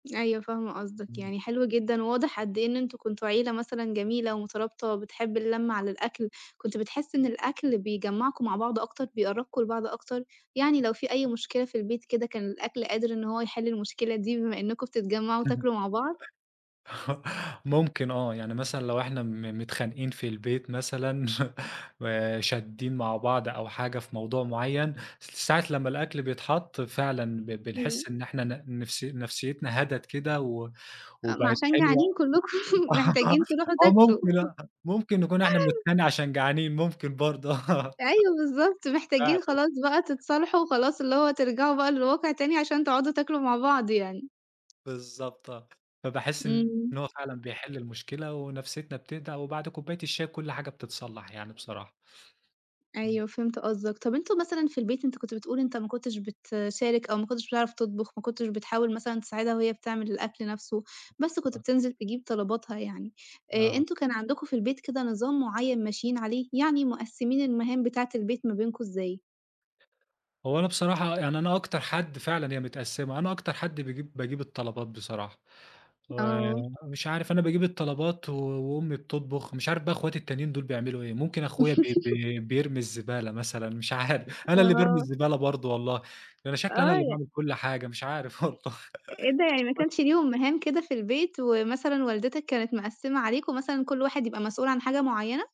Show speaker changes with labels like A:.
A: أيوه، فاهمة قصدك.
B: إمم.
A: يعني حلو جدًا وواضح قد إيه إن أنتم كنتم عيلة مثلًا جميلة ومُترابطة وبتحِب اللمة على الأكل. كنت بتحِس إن الأكل بيجمّعكم مع بعض أكتر، بيقربّكم لبعض أكتر؟ يعني لو في أي مشكلة في البيت كده، كان الأكل قادر إن هو يحِل المشكلة دي بما إنّكم بتتجمّعوا
B: [unintelligible]
A: وتاكلوا مع بعض؟
B: ممكن آه، يعني مثلًا لو إحنا م متخانقين في البيت مثلًا وشاديّن مع بعض أو حاجة في موضوع معيّن، س ساعة لمّا الأكل بيتحَط، فعلًا ب
A: إمم.
B: بنحِس إن إحنا ن نفسي نفسيّتنا هَدَت كده و
A: آآ ما
B: وبقت
A: عشان
B: حلوة
A: جعانين كلكم،
B: آآ
A: محتاجين تروحوا
B: آه،
A: تاكلوا.
B: ممكن آه، ممكن نكون إحنا بنتخانق عشان جعانين، ممكن برضه آه.
A: أيوه بالضبط، محتاجين
B: فعلًا.
A: خلاص بقى تتصالحوا وخلاص اللي هو ترجعوا بقى للواقع تاني عشان تقعدوا تاكلوا مع بعض يعني.
B: بالضبط آه. فباحِس إن
A: إمم.
B: هو فعلًا بيحِل المشكلة ونفسيّتنا بتهدا وبعد كوباية الشاي كل حاجة بتتصلّح يعني بصراحة. إمم.
A: أيوه، فهمت قصدك. طَب أنتم مثلًا في البيت أنت كنت بتقول إن أنت ما كنتش بتشارك أو ما كنتش بتعرف تطبُخ، ما كنتش بتحاول مثلًا تساعدها وهي بتعمل الأكل نَفْسه، بس كنت
B: آه.
A: بتنزل تجيب طلباتها يعني. آآ
B: آه.
A: أنتم كان عندكم في البيت كده نظام معيّن ماشيين عليه؟ يعني مقسّمين المهام بتاعة البيت ما بينكم إزاي؟
B: هو أنا بصراحة يعني أنا أكتر حد فعلًا هي متقسِّمة، أنا أكتر حد بيجيب باجيب الطلبات بصراحة.
A: آه.
B: ومش عارف أنا باجيب الطلبات و وأمي بتطبُخ، مش عارف بقى إخواتي التانيين دول بيعملوا إيه. ممكن أخويا ب بي بيرمي الزبالة مثلًا، مش عارف، أنا اللي بارمي
A: آه.
B: الزبالة برضه والله، ده أنا شكلي أنا
A: آه،
B: اللي
A: ي
B: باعمل كل حاجة، مش عارف والله.
A: أ إيه ده يعني ما
B: [unintelligible]
A: كانش ليهم مهام كده في البيت ومثلًا والدتك كانت مقسِّمة عليكم مثلًا كل واحد يبقى مسؤول عن حاجة معيّنة؟